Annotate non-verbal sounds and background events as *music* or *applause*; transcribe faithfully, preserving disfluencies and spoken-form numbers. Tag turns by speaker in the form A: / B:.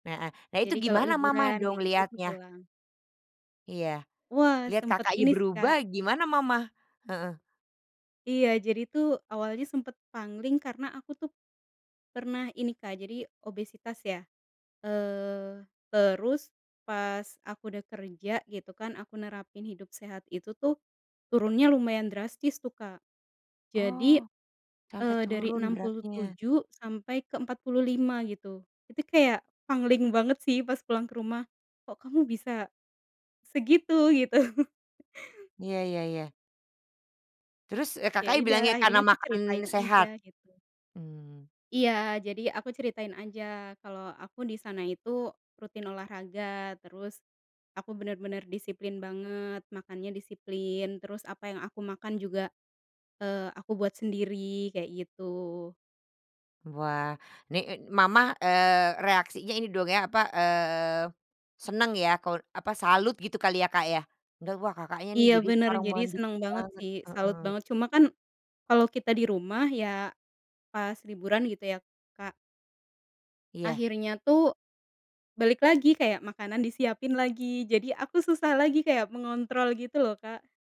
A: Heeh, nah itu
B: Jadi kalau
A: gimana mama
B: liburan
A: dong
B: kayak gitu tuh
A: lihatnya?
B: pulang.
A: Iya.
B: Wah,
A: Lihat
B: sempet
A: Kakaknya
B: ini sih Kak.
A: berubah gimana mama? Heeh.
B: Iya, jadi tuh awalnya sempet pangling karena aku tuh pernah ini Kak, jadi obesitas ya. Eee, terus pas aku udah kerja gitu kan, aku nerapin hidup sehat itu tuh, turunnya lumayan drastis tuh kak. Jadi,
A: Oh, sampai
B: eee, dari
A: turun
B: enam puluh
A: beratnya.
B: tujuh sampai ke empat puluh lima gitu. Itu kayak pangling banget sih pas pulang ke rumah. "Kok kamu bisa segitu?" Gitu. *chuckles*
A: Iya iya iya. Terus, eee,
B: Ya
A: Kakaknya
B: idah
A: bilangnya
B: akhirnya
A: karena
B: aku ceritain
A: makan
B: aja
A: sehat?
B: gitu.
A: Mmm.
B: Iya, jadi aku ceritain aja kalo aku di sana itu rutin olahraga, terus aku bener-bener disiplin banget, makannya disiplin, terus apa yang aku makan juga, eee, aku buat sendiri kayak gitu.
A: Wah, ni i mama, eee, reaksinya ini dong ya apa, eee, seneng ya, ko apa, salut gitu kali ya, Kak, ya? Da wah Kakaknya nih
B: Iya,
A: jadi
B: bener,
A: sekarang
B: jadi
A: mandiri
B: seneng banget
A: banget.
B: sih, salut
A: Heeh.
B: banget cuma kan kalau kita di rumah, ya pas liburan gitu ya, Kak.
A: Iya.
B: Akhirnya tuh balik lagi kayak makanan disiapin lagi, jadi aku susah lagi kayak mengontrol gitu loh, Kak.